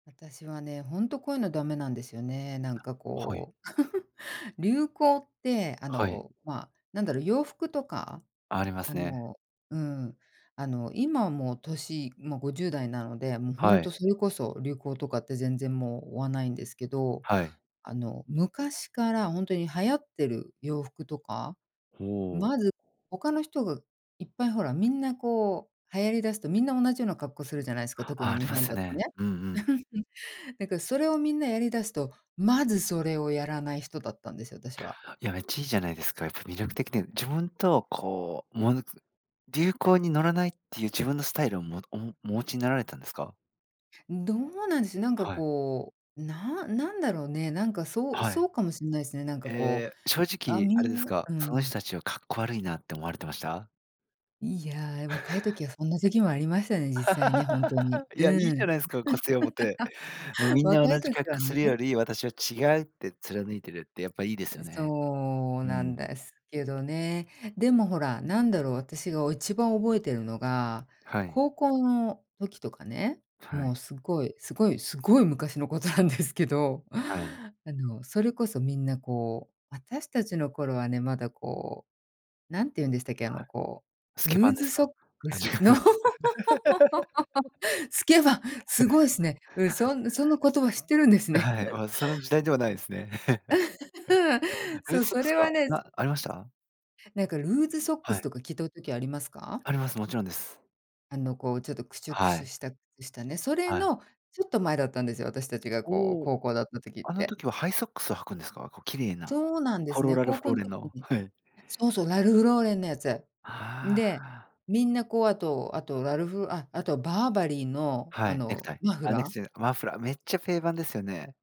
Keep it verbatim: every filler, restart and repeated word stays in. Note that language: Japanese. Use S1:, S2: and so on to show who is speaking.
S1: 私はね、ほんと、こういうのダメなんですよね、なんか
S2: はい。
S1: こう、流行ってあ
S2: はい。
S1: の、ま、何だろう、洋服とか、
S2: ありま
S1: あ
S2: すね。
S1: のうん、あの、今もう歳、もうごじゅうだいなので、もうほ
S2: は
S1: ん
S2: い。
S1: と、それこそ流行とかって全然もう追わないんですけど。
S2: はい。
S1: あの、昔からほんとに流行ってる洋服とか、
S2: ほお。
S1: まず他の人がいっぱいほら、みんなこう流行りだすと、みんな同じような格好するじゃないすか、特
S2: あ、
S1: に
S2: あり
S1: 日
S2: ま
S1: 本
S2: すよ
S1: だと
S2: ね。
S1: ね。
S2: うんうん。
S1: なんかそれをみんなやりだすと、まずそれをやらない人だったんですよ、私は。
S2: いや、めっちゃいいじゃないですか。やっぱ魅力的ね、自分と、こう、ものつ流行に乗らないっていう自分のスタイルをもおもお持ちになられたんですか？
S1: うん、どうなんでしょう？なんか
S2: はい。
S1: こう、ななんだろうね、なんかそう
S2: は
S1: そ
S2: い。
S1: うかもしんないすね。なんかこう、
S2: え、正
S1: あ、
S2: 直
S1: み
S2: あれで
S1: ん
S2: す
S1: な
S2: か、
S1: う
S2: その
S1: ん。
S2: 人たちはかっこ悪いなって思われてました？
S1: いや、若い 時はそんな時もありましたね、実際ね、ほんとに。
S2: いや、いい
S1: う
S2: じゃ
S1: ん。
S2: ないすか。こせおぼて、もう、みんな
S1: 若
S2: 同
S1: い
S2: じ
S1: 時
S2: 格
S1: は
S2: 好す
S1: ね。
S2: るより、私は違うって貫いてるって、やっぱいいですよ
S1: で、
S2: ね。
S1: そう
S2: う
S1: なん
S2: ん。
S1: ですけどね。でもほら、なんだろう私がお一番覚えてるのが
S2: はい。
S1: 高校の時とかね、
S2: は
S1: も
S2: い。
S1: うすごい、すごい、すごい昔のことなんですけど、
S2: はい。
S1: あの、それこそみんなこう、私たちの頃はね、まだこう、なんていうんでしたけ、あ
S2: は
S1: の、こ
S2: い。ス
S1: う、
S2: ケ
S1: ル
S2: 番
S1: ー
S2: で
S1: ズ
S2: す
S1: ソッ
S2: か？
S1: ク
S2: あ、じ
S1: ス、
S2: かぬ。
S1: スケ番、す ごいすね。うん、そんその言葉知ってるんです
S2: あ、
S1: ね。
S2: はい。ま、その時代ではないですね。ル
S1: そ
S2: ー
S1: う、
S2: ズソッ
S1: そ
S2: クス
S1: れは
S2: か
S1: ね
S2: な、ありました？
S1: なんかルーズソック
S2: は
S1: ス
S2: い。
S1: とか聞と時ありますか？
S2: あります。もちろんです。
S1: あの、こう、ちょっとクシュク
S2: は
S1: シュ
S2: い。
S1: したうしたね、それ
S2: はい。
S1: のちょっと前だったんですよ、私たちがこう
S2: おお。
S1: 高校だった時っ
S2: あの
S1: て。
S2: 時はハイソックスを履くんですか？こう綺麗な
S1: そうなんで
S2: ポ
S1: す
S2: ロ
S1: ね。
S2: ラル
S1: 高
S2: フ
S1: 校
S2: ロー
S1: ん
S2: レン
S1: 時
S2: の。
S1: に
S2: はい。
S1: そうそう、ラルフローレンのやつ。ん
S2: あ
S1: で、
S2: あ。
S1: みんなこう、あとあとラルフあ、あとバーバリーの
S2: は
S1: あ
S2: い、ネクタ
S1: の
S2: イ、
S1: マフ
S2: あ、ネク
S1: ラー。
S2: ちゃじゃマフラーめっちゃ定番ですよね。